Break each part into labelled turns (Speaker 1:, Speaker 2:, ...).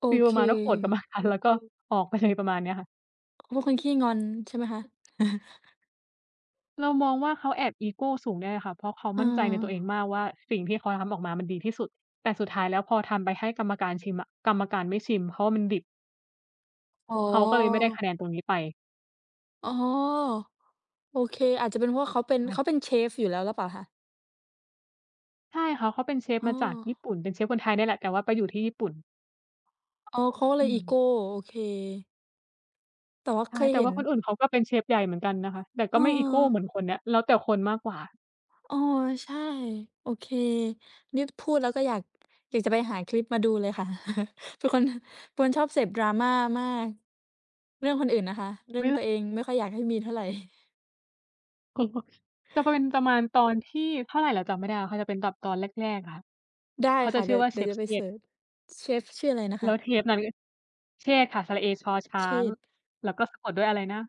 Speaker 1: โอ
Speaker 2: ฟีล
Speaker 1: เ
Speaker 2: ประมาณว่าโกรธกัน ม
Speaker 1: ค
Speaker 2: านาน แล้วก็ออกไปเลย ประมาณเนี้ยค่ะ
Speaker 1: เขาเป็นคนขี้งอนใช่ไหมคะ?
Speaker 2: เรามองว่า เขาแอบอีโกสูงด้วยอะค่ะ เพราะเขา
Speaker 1: เอ
Speaker 2: มั่นใจใน
Speaker 1: อ
Speaker 2: ตัวเองมากว่า สิ่งที่เขาทำนั้นออกมามันดีที่สุด แต่สุดท้ายแล้วพอทำไปให้กรรมการชิมอะ กรรมการไม่ชิมเพราะว่ามันดิบ
Speaker 1: อ๋อ
Speaker 2: เขาก็เลยไม่ได้คะแนนตรงนี้ไป
Speaker 1: อ๋อ โอเค อาจจะเป็นเพราะว่าเขาเป็น
Speaker 2: ใช
Speaker 1: เข
Speaker 2: ่
Speaker 1: าเป็นเชฟอยู่แล้วหรือเปล่าคะ?
Speaker 2: ใช่ เขา เขาเป็นเชฟ
Speaker 1: อ้
Speaker 2: มาจากญี่
Speaker 1: อ
Speaker 2: ปุ่น เป็นเชฟคนไทยเนี่ยแหละ แต่ว่าไปอยู่ที่ญี่ปุ่น
Speaker 1: อ๋อ เขาก็เล
Speaker 2: อื
Speaker 1: ยอีโ
Speaker 2: ม
Speaker 1: ก โอเค แต่ว่า
Speaker 2: ใช
Speaker 1: เ
Speaker 2: ่
Speaker 1: คย
Speaker 2: แต่
Speaker 1: เห็
Speaker 2: ว่
Speaker 1: น
Speaker 2: าคนอื่นเขาก็เป็นเชฟใหญ่เหมือนกันนะคะ แต่ก็
Speaker 1: เ
Speaker 2: ไม่อีโกเหม
Speaker 1: ออ
Speaker 2: ือนคนเนี้ย แล้วแต่คนมากกว่า
Speaker 1: อ๋อ ใช่ โอเค นี่พูดแล้วก็อยาก อยากจะไปหาคลิปมาดูเลยค่ะ ทุกคน เป็นคนชอบเสพ Drama มาก เรื่องคนอื่นนะคะ เรื่
Speaker 2: อ
Speaker 1: อ
Speaker 2: ุ
Speaker 1: ง
Speaker 2: ๊ย!
Speaker 1: ต
Speaker 2: ล
Speaker 1: ัวเองไม่ค่อยอยากให้มีเท่าไร
Speaker 2: [unintelligible] จะเป็น ประมาณตอนที่เท่าไรเราจำไม่ได้อะ เขาจะเป็นกับตอนแรก ๆ อะค่ะ
Speaker 1: ได้
Speaker 2: เขา
Speaker 1: ค
Speaker 2: จ
Speaker 1: ่
Speaker 2: ะ
Speaker 1: ะ เ
Speaker 2: ช
Speaker 1: ด
Speaker 2: ื
Speaker 1: ี
Speaker 2: ่
Speaker 1: ๋
Speaker 2: อ
Speaker 1: ยว
Speaker 2: ว่า
Speaker 1: เด
Speaker 2: เ
Speaker 1: ี
Speaker 2: ช
Speaker 1: ๋ยว
Speaker 2: ฟ
Speaker 1: จะไ
Speaker 2: เ
Speaker 1: ป
Speaker 2: ช
Speaker 1: เซ
Speaker 2: ษฐ์
Speaker 1: ิร์ช เชฟชื่ออะไรนะ
Speaker 2: แ
Speaker 1: ค
Speaker 2: ล้
Speaker 1: ะ?
Speaker 2: วเทปนั้น เชษฐ์ค่ะ สระเอ ชอช้
Speaker 1: เ
Speaker 2: าง
Speaker 1: ชด!
Speaker 2: แล้วก็สะกดด้วยอะไรนะ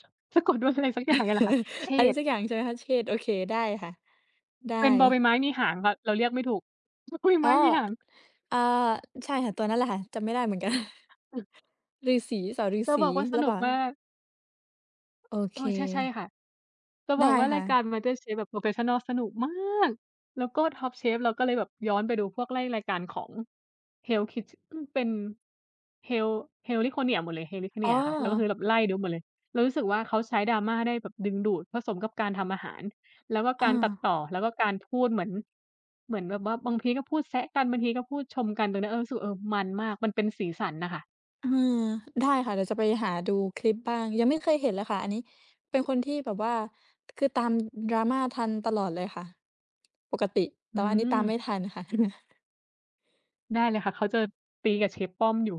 Speaker 2: สะ สะกดด้วยอะไรสักอย่างเนี่ยแหละค่ะ เช
Speaker 1: อะไร
Speaker 2: ษฐ
Speaker 1: ส
Speaker 2: ์
Speaker 1: ักอย่างใช่ไหมคะ? เชด โอเค ได้ค่ะ ได้
Speaker 2: เป็นบอใบไม้มีหางค่ะ เราเรียกไม่ถูก บ บอใบ
Speaker 1: อ
Speaker 2: ไ
Speaker 1: ๋
Speaker 2: ม
Speaker 1: อ
Speaker 2: ้มีหาง
Speaker 1: เอ่อ ใช่ค่ะ ตัวนั้นแหละค่ะ จำไม่ได้เหมือนกัน
Speaker 2: อือ
Speaker 1: ฤาษี สอ- ฤา
Speaker 2: จะ
Speaker 1: ษี
Speaker 2: บอกว่าส
Speaker 1: หรือ
Speaker 2: น
Speaker 1: เ
Speaker 2: ุ
Speaker 1: ป
Speaker 2: ก
Speaker 1: ล่
Speaker 2: มา
Speaker 1: า?
Speaker 2: ก
Speaker 1: โอเ
Speaker 2: อ
Speaker 1: ค
Speaker 2: ้อ ใช่ ๆ ค่ะ จะ
Speaker 1: ไ
Speaker 2: บ
Speaker 1: ด
Speaker 2: อก
Speaker 1: ้
Speaker 2: ว่า
Speaker 1: ค
Speaker 2: รา
Speaker 1: ่
Speaker 2: ยการ
Speaker 1: ะ
Speaker 2: มาสเตอร์เชฟแบบ โพรเฟสชันนัล สนุกมาก แล้วก็ท็อปเชฟ เราก็เลยแบบย้อนไปดูพวก ไล่รายการของ Hell's Kitche อืม เป็น Hel Heliconia หมดเลย
Speaker 1: อ๋
Speaker 2: Heliconia ค่ะ แล้วก็ค
Speaker 1: อ
Speaker 2: ือแบบ ไล่ดูหมดเลย เรารู้สึกว่า เขาใช้ Drama ได้แบบดึงดูด ผสมกับการทำอาหาร แล้วก็
Speaker 1: อ
Speaker 2: ก
Speaker 1: ้
Speaker 2: ารตัด
Speaker 1: อ
Speaker 2: ต่อ แล้วก็การพูดเหมือน เหมือนแบบว่า บางทีก็พูดแซะกัน บางทีก็พูดชมกัน ตรงเนี้ย เออ รู้สึก เออ มันมาก มันเป็นสีสันน่ะค่ะ
Speaker 1: เออ ได้ค่ะเดี๋ยวจะไปหาดูคลิปบ้าง ยังไม่เคยเห็นเลยค่ะอันนี้ เป็นคนที่แบบว่า คือตาม Drama ทันตลอดเลยค่ะ ปกติ แต
Speaker 2: อ
Speaker 1: ่
Speaker 2: ื
Speaker 1: ว่าอันนี้ตามไม
Speaker 2: ม
Speaker 1: ่ทันค่ะ
Speaker 2: ได้เลยค่ะ เขาจะ ตีกับเชฟป้อมอยู่